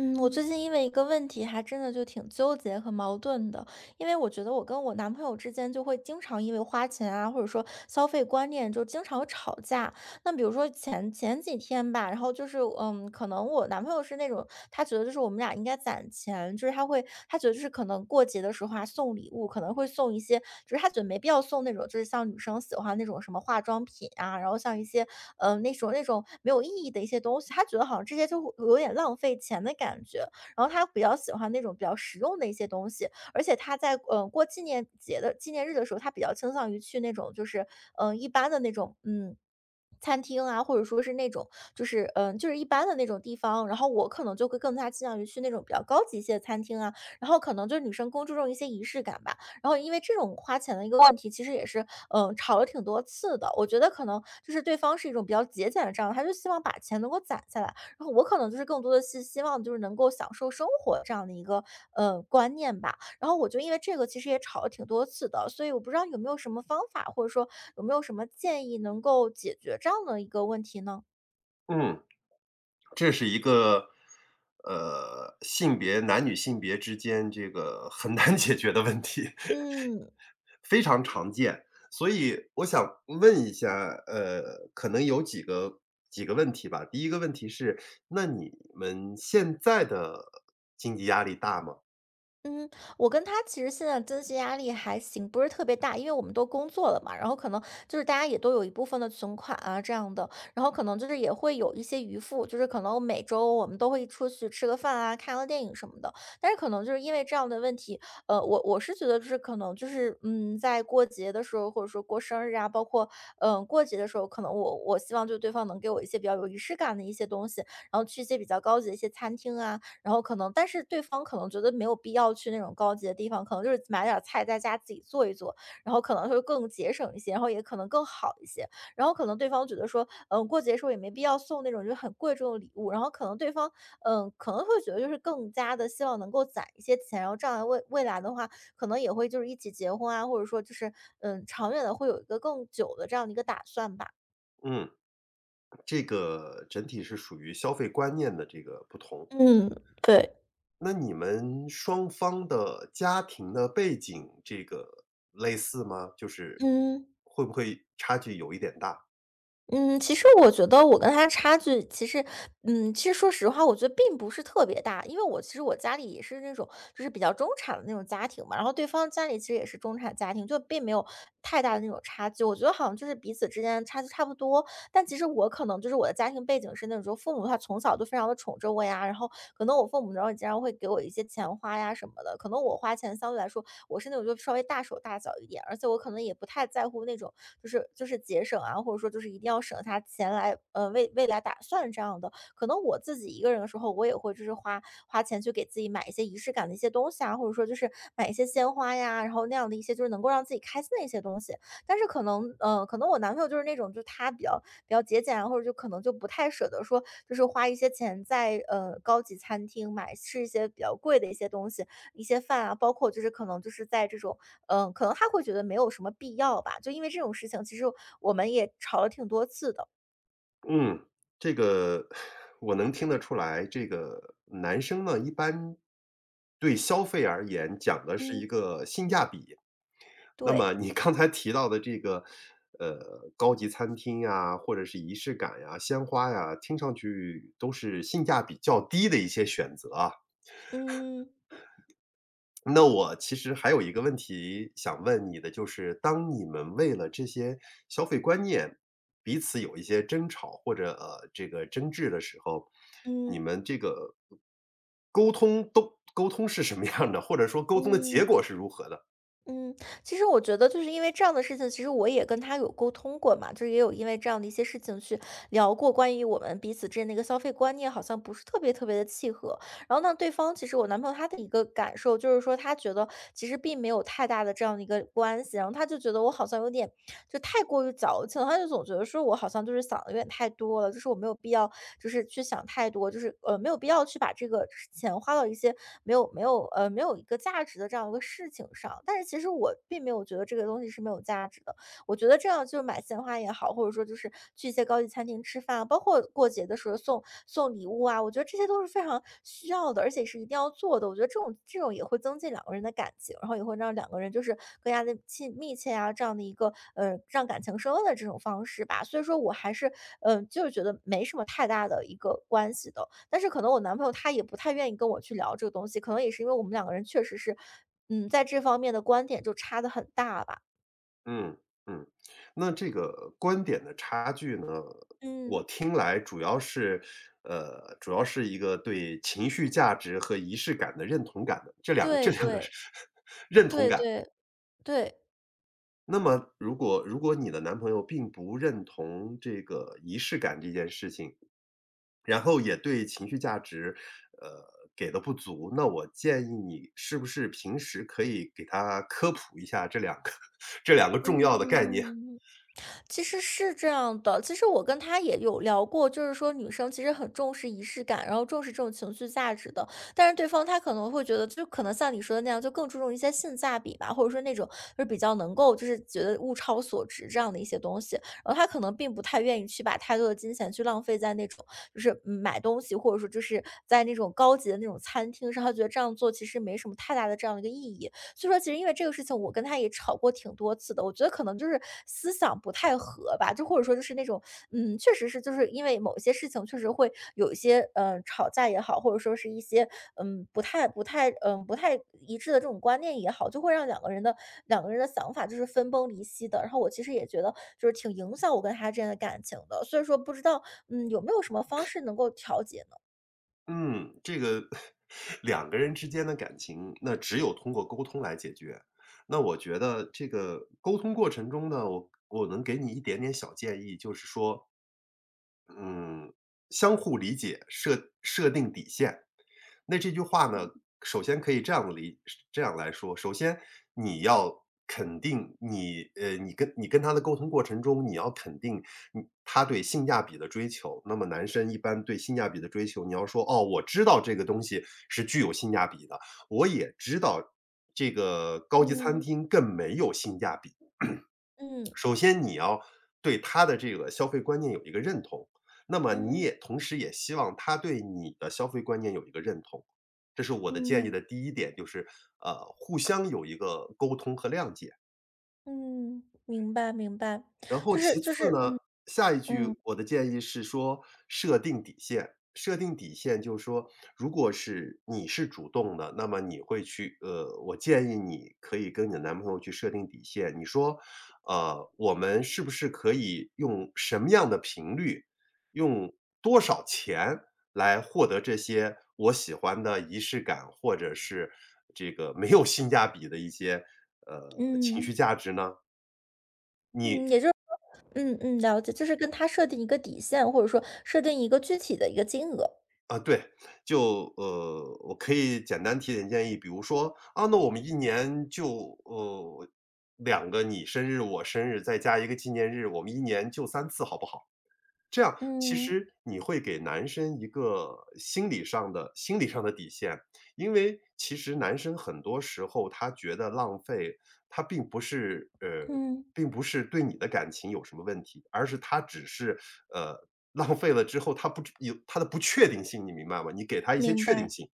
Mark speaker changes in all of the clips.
Speaker 1: 嗯，我
Speaker 2: 嗯。
Speaker 1: 最近因为一个问题还真的就挺纠结和矛盾的。因为我觉得我跟我男朋友之间就会经常因为花钱啊，或者说，消费观念就经常会吵架。那比如说，前前几天吧，然后就是，呃，可能我男朋友是那种，他觉得就是我们俩应该攒钱。就是他会他觉得就是可能过节的时候啊送礼物，可能会送一些就是他觉得没必要送那种，就是像女生喜欢那种什么化妆品啊，然后像一些，呃，那种那种没有意义的一些东西。他觉得好像这些就有点浪费钱的感觉。然后他比较喜欢那种比较实用的一些东西，而且他在，呃，过纪念节的纪念日的时候，他比较倾向于去那种就是，呃，一般的那种，嗯，餐厅啊，或者说是那种，就是呃，就是一般的那种地方。然后我可能就会更加倾向于去那种比较高级一些的餐厅啊，然后可能就女生更注重一些仪式感吧。然后因为这种花钱的一个话题，其实也是，呃，吵了挺多次的。我觉得可能，就是对方是一种比较节俭的这样，还是希望把钱能够攒下来。然后我可能就是更多地希希望就是能够享受生活的这样的一个，呃，观念吧。然后我就因为这个其实也吵了挺多次的，所以我不知道有没有什么方法，或者说，有没有什么建议，能够解决这样的一个问题呢？
Speaker 2: 嗯。这是一个，呃，性别男女性别之间这个很难解决的问题。
Speaker 1: 嗯。
Speaker 2: 非常常见，所以我想问一下，呃，可能有几个几个问题吧。第一个问题是，那你们现在的经济压力大吗？
Speaker 1: 嗯，我跟他其实现在的经济压力还行，不是特别大，因为我们都工作了嘛，然后可能就是大家也都有一部分的存款啊这样的。然后可能也会有一些余富，就是可能每周我们都会出去吃个饭啊，看个电影什么的。但是可能就是因为这样的问题，呃，我我是觉得就是可能就是，嗯，在过节的时候，或者说过生日啊，包括，呃，过节的时候，可能我我希望就对方能给我一些比较有仪式感的一些东西，然后去一些比较高级的一些餐厅啊，然后可能但是对方可能觉得没有必要去那种高级的地方，可能就是买点儿菜在家自己做一做，然后可能会更节省一些，然后也可能更好一些。然后可能对方觉得说，嗯，过节的时候也没必要送那种就很贵重的礼物，然后可能对方呃，可能会觉得就是更加地希望能够攒一些钱，然后这样未未来的话，可能也会就是一起结婚啊，或者说就是，嗯，长远地会有一个更久的这样的一个打算吧。
Speaker 2: 嗯。这个整体是属于消费观念的这个不同。
Speaker 1: 嗯，对。
Speaker 2: 那你们双方的家庭的背景，这个类似吗？就是
Speaker 1: 嗯。
Speaker 2: 会不会差距有一点大。
Speaker 1: 嗯，其实我觉得我跟他的差距，其实嗯，其实说实话，我觉得并不是特别大，因为我其实我家里也是那种，就是比较中产的那种家庭嘛，然后对方家里其实也是中产家庭，就并没有太大的那种差距，我觉得好像就是彼此之间差距差不多，但其实我可能就是我的家庭背景是那种父母他从小就非常地宠着我呀，然后可能我父母有时候也经常会给我一些钱花呀什么的，可能我花钱相对来说我是那种就稍微大手大脚一点，而且我可能也不太在乎那种，就是就是节省啊，或者说就是一定要省下钱来，呃，为未来打算这样的，可能我自己一个人的时候，我也会就是花花钱去给自己买一些仪式感的一些东西啊，或者说就是买一些鲜花呀，然后那样的一些就是能够让自己开心的一些东西。但是可能呃，可能我男朋友就是那种就他比较比较节俭，然后就可能就不太舍得说就是花一些钱在，呃，高级餐厅买吃一些比较贵的一些东西，一些饭啊，包括就是可能就是在这种嗯，可能他会觉得没有什么必要吧，就因为这种事情，其实我们也吵了挺多次的。
Speaker 2: 嗯，这个 我能听得出来，这个男生呢，一般对消费而言，讲的是一
Speaker 1: 嗯。
Speaker 2: 个性价比。那么
Speaker 1: 对。
Speaker 2: 你刚才提到的这个，呃，高级餐厅啊，或者是仪式感呀，鲜花呀，听上去都是性价比较低的一些选择啊。
Speaker 1: 嗯。
Speaker 2: 那我其实还有一个问题想问你的就是，当你们为了这些消费观念彼此有一些争吵或者，呃，这个争执的时候，你
Speaker 1: 嗯
Speaker 2: 们这个沟通都沟通是什么样的，或者说沟通的结
Speaker 1: 嗯，
Speaker 2: 果是如何的？
Speaker 1: 嗯，其实我觉得就是因为这样的事情，其实我也跟他有沟通过嘛，就是也有因为这样的一些事情去聊过关于我们彼此之间的消费观念好像不是特别特别地契合。然后呢，对方，其实我男朋友他的一个感受，就是说他觉得其实并没有太大的这样的一个关系。然后他就觉得我好像有点，就太过于矫情。他就总觉得说我好像就是，想的有点太多了，就是我没有必要，就是去想太多，就是，呃，没有必要去把这个就是钱花到一些没有没有呃，没有一个价值的这样一个事情上。但是其实我并没有觉得这个东西是没有价值的。我觉得这样就买鲜花也好，或者说就是去一些高级餐厅吃饭，包括过节的时候送送礼物啊，我觉得这些都是非常需要的，而且是一定要做的。我觉得这种这种也会增进两个人的感情，然后也会让两个人就是更加地亲密切啊，这样的一个，呃，让感情升温的这种方式吧。所以说我还是，呃，就是觉得没什么太大的一个关系的。但是可能我男朋友他也不太愿意跟我去聊这个东西，可能也是因为我们两个人确实是，嗯，在这方面的观点就差得很大吧。
Speaker 2: 嗯，嗯。那这个观点的差距呢？呃，我
Speaker 1: 嗯。
Speaker 2: 听来主要是呃，主要是一个对情绪价值和仪式感的认同感的，这2个这
Speaker 1: 对
Speaker 2: 2个
Speaker 1: 对，
Speaker 2: 认同
Speaker 1: 对
Speaker 2: 感。
Speaker 1: 对，对。
Speaker 2: 那么如果如果你的男朋友并不认同这个仪式感这件事情。然后也对情绪价值，呃，给得不足，那我建议你是不是平时可以给他科普一下这两个这两个重要的概念。
Speaker 1: 嗯。其实是这样的。其实我跟他也有聊过，就是说女生其实很重视仪式感，然后重视这种情绪价值的，但是对方他可能会觉得就可能像你说的那样，就更注重一些性价比吧，或者说那种就比较能够就是觉得物超所值这样的一些东西，然后他可能并不太愿意去把太多的金钱去浪费在那种就是买东西，或者说就是在那种高级的那种餐厅上，他觉得这样做其实没什么太大的这样的一个意义。所以说其实因为这个事情我跟他也吵过挺多次的，我觉得可能就是思想不太合吧，就或者说就是那种，嗯，确实是就是因为某些事情确实会有一些，呃，吵架也好，或者说是一些，嗯，不太不太嗯，不太一致的这种观念也好，就会让两个人的两个人的想法就是分崩离析的，然后我其实也觉得就是挺影响我跟他之间的感情的，所以说不知道，嗯，有没有什么方式能够调节呢？
Speaker 2: 嗯，这个 两个人之间的感情，那只有通过沟通来解决。那我觉得这个沟通过程中呢，我我能给你一点点小建议，就是说嗯，相互理解，设设定底线。那这句话呢，首先可以这样理这样来说，首先你要肯定你呃，你跟你跟他的沟通过程中，你要肯定他对性价比的追求，那么男生一般对性价比的追求，你要说，哦，我知道这个东西是具有性价比的，我也知道这个高级餐
Speaker 1: 嗯。
Speaker 2: 厅更没有性价比。
Speaker 1: 嗯。
Speaker 2: 首先你要对他的这个消费观念有一个认同，那么你
Speaker 1: 嗯。
Speaker 2: 也同时也希望他对你的消费观念有一个认同。这是我的建议
Speaker 1: 嗯。
Speaker 2: 的第一点就是，呃，互相有一个沟通和谅解。
Speaker 1: 嗯，明白明白，
Speaker 2: 然后
Speaker 1: 就
Speaker 2: 其
Speaker 1: 是就
Speaker 2: 次
Speaker 1: 是
Speaker 2: 呢，
Speaker 1: 嗯，
Speaker 2: 下一
Speaker 1: 嗯。
Speaker 2: 句我的建议是说设定底线。设定底线就是说如果是你是主动的，那么你会去呃，我建议你可以跟你的男朋友去设定底线。你说，呃，我们是不是可以用什么样的频率，用多少钱来获得这些我喜欢的仪式感，或者是这个没有性价比的一些，呃，情绪
Speaker 1: 嗯。
Speaker 2: 价值呢？你
Speaker 1: 嗯，也就是说嗯嗯，了解，就是跟他设定一个底线，或者说设定一个具体的一个金额。
Speaker 2: 嗯，对。就呃，我可以简单提点建议，比如说，“嗯，那我们1年，就呃2个你生日，我生日再加一个纪念日，我们1年就3次好不好？”这样其
Speaker 1: 嗯。
Speaker 2: 实你会给男生一个心理上的心理上的底线。因为其实男生很多时候他觉得浪费，他并不是呃，
Speaker 1: 嗯。
Speaker 2: 并不是对你的感情有什么问题。而是他只是，呃，浪费了之后，他不知也他的不确定性，你明白吗？你给他一些
Speaker 1: 明
Speaker 2: 确定
Speaker 1: 白。
Speaker 2: 性。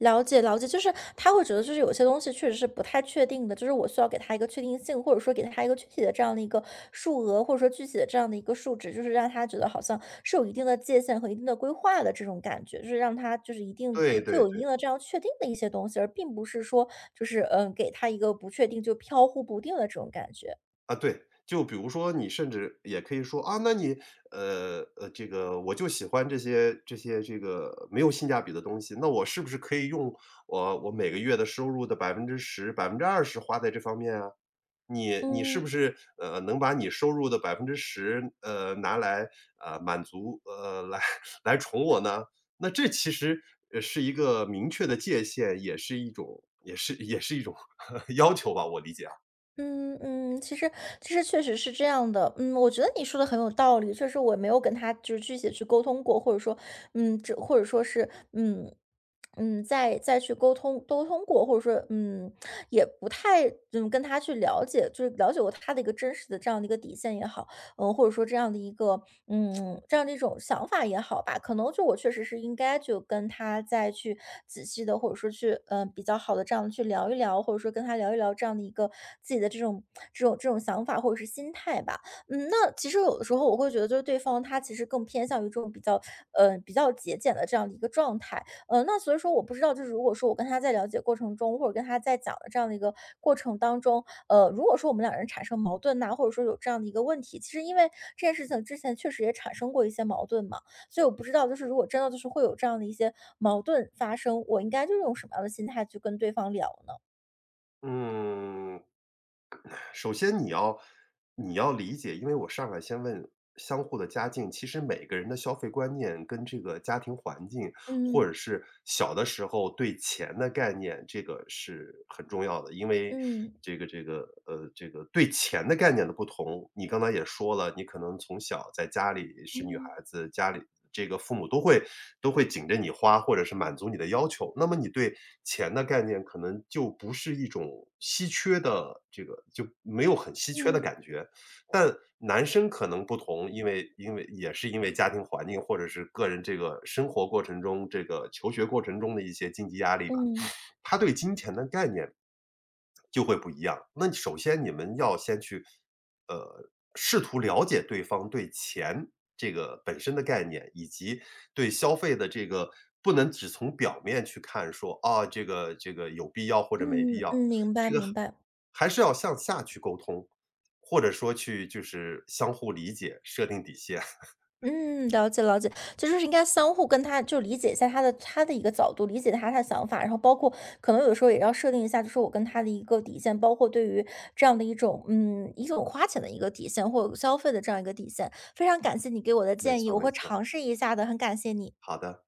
Speaker 1: 了解了解。就是他会觉得就是有些东西确实是不太确定的，就是我需要给他一个确定性，或者说给他一个具体的这样的一个数额，或者说具体的这样的一个数值，就是让他觉得好像是有一定的界限和一定的规划的这种感觉。就是让他就是一定
Speaker 2: 对
Speaker 1: 就
Speaker 2: 对
Speaker 1: 有一定
Speaker 2: 对。
Speaker 1: 的这样确定的一些东西，而并不是说就是，呃，给他一个不确定，就飘忽不定的这种感觉。
Speaker 2: 啊，对，就比如说你甚至也可以说，啊，那你呃，呃，这个我就喜欢这些这些这个没有性价比的东西，那我是不是可以用我我每个月的收入的10%，20%花在这方面啊？你你是不
Speaker 1: 嗯。
Speaker 2: 是，呃，能把你收入的10%，呃，拿来，呃，满足呃，来来宠我呢？那这其实，呃，是一个明确的界限，也是一种也是也是一种 要求吧，我理解啊。
Speaker 1: 嗯嗯，其实其实确实是这样的，嗯，我觉得你说得很有道理，确实我没有跟就是具体地去沟通过，或者说，嗯，这或者说是，嗯，嗯，再再去沟通沟通过，或者说，嗯，也不太就跟他去了解就是了解过他的一个真实的这样的一个底线也好，嗯，或者说这样的一个嗯，这样的一种想法也好吧，可能就是我确实是应该就跟他再去仔细地，或者说去，呃，比较好地这样去聊一聊，或者说跟他聊一聊这样的一个，自己的这种这种这种想法或者是心态吧。嗯，那其实有的时候我会觉得就是对方他其实更偏向于这种比较呃，比较节俭的这样的一个状态。呃，那所以说我不知道，就是如果说我跟他在了解过程中，或者跟他在讲的这样的一个过程当中，呃，如果说我们两人产生矛盾呐，或者说有这样的一个问题其实因为这件事情之前确实也产生过一些矛盾嘛，所以我不知道就是如果真的就是会有这样的一些矛盾发生，我应该就用什么样的心态去跟对方聊呢？
Speaker 2: 嗯。首先你要你要理解，因为我上来先问相互的家境，其实每个人的消费观念跟这个家庭环境，或
Speaker 1: 嗯。
Speaker 2: 者是小的时候对钱的概念，这个是很重要的。因为
Speaker 1: 嗯。
Speaker 2: 这个这个呃，这个对钱的概念的不同，你刚才也说了，你可能从小在家里是女孩
Speaker 1: 嗯。
Speaker 2: 子，家里这个父母都会都会紧着你花，或者是满足你的要求。那么你对钱的概念可能就不是一种稀缺的这个就没有很稀缺的
Speaker 1: 嗯。
Speaker 2: 感觉。但男生可能不同，因为因为也是因为家庭环境或者是个人这个生活过程中，这个求学过程中的一些经济压力吧。
Speaker 1: 嗯。
Speaker 2: 他对金钱的概念，就会不一样。那首先你们要先去，呃，试图了解对方对钱这个本身的概念，以及对消费的这个不能只从表面去看说，哦，这个这个有必要或者没必
Speaker 1: 嗯
Speaker 2: 要。
Speaker 1: 嗯，明白
Speaker 2: 这个，
Speaker 1: 明白。
Speaker 2: 还是要向下去沟通。或者说去就是相互理解，设定底线。
Speaker 1: 嗯，了解了解。就是应该相互跟他就理解在他的他的一个角度，理解他他的想法，然后包括可能有时候也要设定一下，就是我跟他的一个底线。包括对于，这样的一种嗯，一种花钱的一个底线。或者消费的这样一个底线。非常感谢你给我的
Speaker 2: 没
Speaker 1: 建议，
Speaker 2: 错
Speaker 1: 我
Speaker 2: 没
Speaker 1: 会
Speaker 2: 错。
Speaker 1: 尝试一下的，很感谢你。
Speaker 2: 好的。